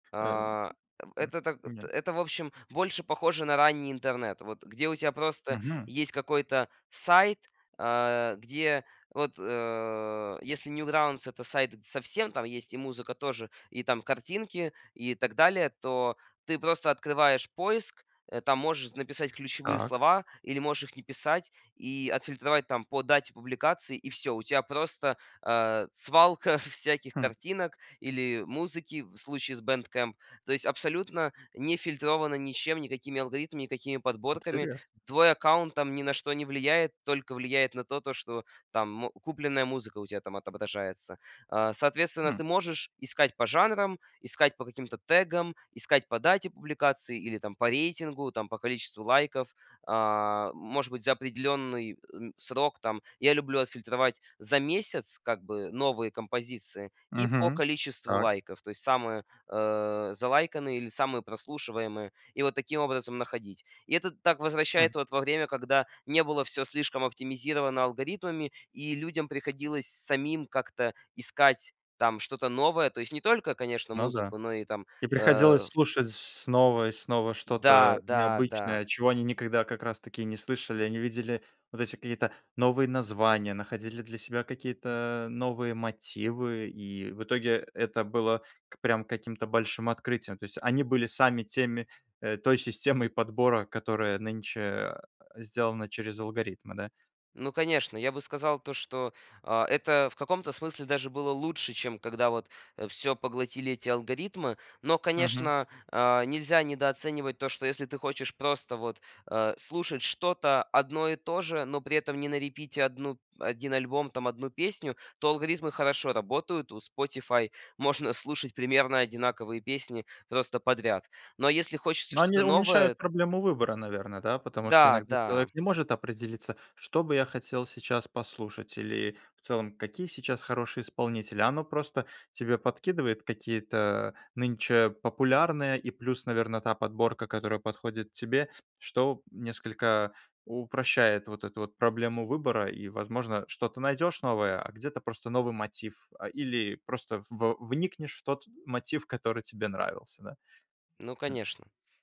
Э, А, м, м, это так, м, э, нет. это в общем, больше похоже на ранний интернет. Вот где у тебя просто Мгм. есть какой-то сайт, а где вот, э, если Newgrounds- это сайт со всем- там есть и музыка тоже, и там картинки, и так далее- то ты просто открываешь поиск, э, там можешь написать ключевые Так. слова или можешь их не писать, и отфильтровать там по дате публикации, и всё. У тебя просто, э, свалка всяких Хм. картинок или музыки в случае с Bandcamp. То есть абсолютно не фильтровано ничем: никакими алгоритмами, никакими подборками. Интересно. Твой аккаунт там ни на что не влияет, только влияет на то, то что там мо купленная музыка у тебя там отображается. А, соответственно, Хм. ты можешь искать по жанрам, искать по каким-то тегам, искать по дате публикации или там по рейтингу, там по количеству лайков. А, может быть за определенный, э, срок там. Я люблю отфильтровать за месяц- как бы новые композиции- и по Мгм. количеству Так. лайков, то есть самые, э, залайканные или самые прослушиваемые. И вот таким образом находить. И это так возвращает Хм. вот во время, когда не было всё слишком оптимизировано алгоритмами и людям приходилось самим как-то искать там что-то новое. То есть не только, конечно, Ну да. музыку, но и там, И э, приходилось ф слушать снова и снова Да, что-то да, да. необычное, чего они никогда как раз-таки и не слышали. Они видели вот эти какие-то новые названия, находили для себя какие-то новые мотивы. И в итоге это было к прям каким-то большим открытием. То есть они были сами теми, э, той системой подбора, которая нынче, э, сделана через алгоритмы, да. Ну конечно. Я бы сказал то, что, а, это в каком-то смысле даже было лучше, чем когда вот, э, всё поглотили эти алгоритмы. Но, Мгм. конечно, а, нельзя недооценивать то, что если ты хочешь просто вот, э, слушать что-то одно и то же, но при этом не на репите одну 1 альбом, там 1 песню, то алгоритмы хорошо работают. У Spotify можно слушать примерно одинаковые песни просто подряд. Но если хочется Но они что-то новое уменьшают проблему выбора, наверное, да. Потому что Да, иногда да. человек не может определиться. "Что бы я хотел сейчас послушать" или в целом "какие сейчас хорошие исполнители". А оно просто тебе подкидывает какие-то нынче популярные и плюс, наверно, та подборка, которая подходит тебе, что несколько упрощает вот эту вот проблему выбора. И, возможно, что-то найдешь новое, а где-то просто новый мотив. А или просто в вникнешь в тот мотив, который тебе нравился, да. Ну Хм. конечно.